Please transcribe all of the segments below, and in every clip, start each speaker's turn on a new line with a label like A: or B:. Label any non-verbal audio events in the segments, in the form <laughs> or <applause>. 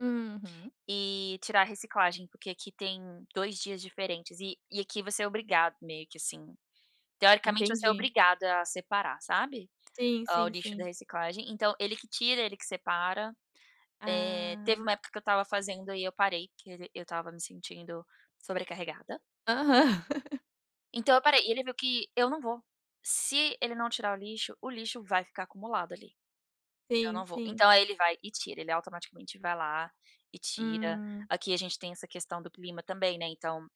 A: Uhum.
B: E tirar reciclagem porque aqui tem 2 dias diferentes e e aqui você é obrigado meio que, assim, teoricamente você é
A: Entendi.
B: obrigado a separar, sabe,
A: Sim,
B: o
A: sim,
B: lixo da
A: sim.
B: reciclagem. Então ele que tira, ele que separa. Eh, teve
A: Ah.
B: uma época que eu estava fazendo e eu parei, que ele eu estava me sentindo sobrecarregada.
A: Aham. <laughs>
B: Então, eu parei e ele viu que eu não vou, se ele não tirar o lixo, o lixo vai ficar acumulado ali. Eu
A: Sim,
B: não vou.
A: sim.
B: Então aí ele vai e tira, ele automaticamente vai lá e tira.
A: Hum.
B: Aqui a gente tem essa questão do clima também, né, então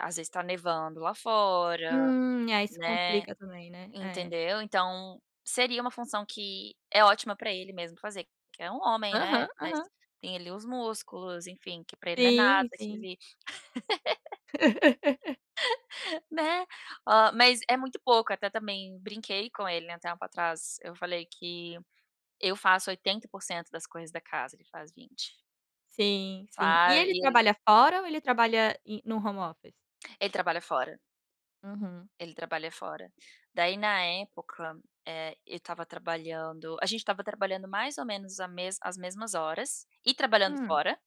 B: às vezes está nevando lá fora,
A: Hum, é. Isso
B: né,
A: complica também, né. É.
B: entendeu. Então seria uma função que é ótima pra ele mesmo fazer, que é um homem,
A: Aham,
B: né, mas
A: aham.
B: tem ali os músculos, enfim, que pra ele não é nada,
A: Sim,
B: que
A: sim.
B: ele <laughs>
A: <laughs>
B: <laughs> Né. Ó, mas é muito pouco, até também brinquei com ele, né, um tempo atrás. Eu falei que eu faço 80% das coisas da casa, ele faz 20.
A: Sim, sim e
B: Sabe,
A: ele
B: e ele
A: trabalha fora ou ele trabalha em no home office?
B: Ele trabalha fora.
A: Uhum.
B: Ele trabalha fora. Daí, na época, eh, eu estava trabalhando, a gente estava trabalhando mais ou menos a mesma as mesmas horas e trabalhando
A: Hum.
B: fora,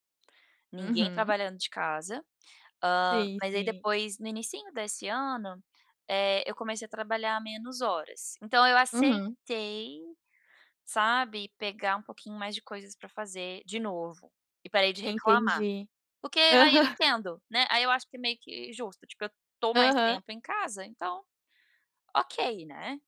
B: ninguém
A: Uhum.
B: trabalhando de casa. Ah,
A: Sim,
B: mais ai,
A: sim.
B: depois, no inicinho desse ano, eh, eu comecei a trabalhar menos horas. Então eu
A: Uhum.
B: aceitei, sabe, pegar um pouquinho mais de coisas pra fazer de novo e parei de reclamar.
A: Entendi.
B: Porque aí eu
A: Aham.
B: entendo, né. Aí eu acho que é meio que justo, tipo, eu estou mais
A: Aham.
B: tempo em casa, então ok, né.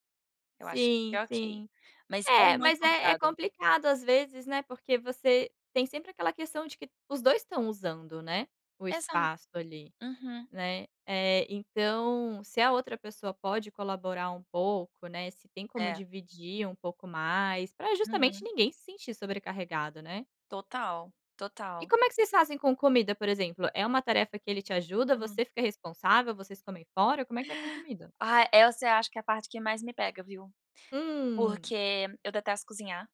B: Eu acho que
A: Sim,
B: é ok,
A: sim.
B: mas é
A: É,
B: muito
A: mas é é
B: complicado.
A: complicado às vezes, né, porque você tem sempre aquela questão de que os 2 estão usando, né, o
B: Exato.
A: espaço ali,
B: Uhum.
A: né. Eh, então, se a outra pessoa pode colaborar um pouco, né, se tem como
B: É.
A: dividir um pouco mais pra justamente
B: Uhum.
A: ninguém se sentir sobrecarregado, né.
B: Total,
A: E
B: total.
A: como é que vocês fazem com comida por exemplo? É uma tarefa que ele te ajuda?
B: Hum.
A: Você fica responsável? Vocês comem fora? Como é que é com comida?
B: Ah essa eu acho que é a parte que mais me pega viu.
A: Hum.
B: Porque eu detesto cozinhar.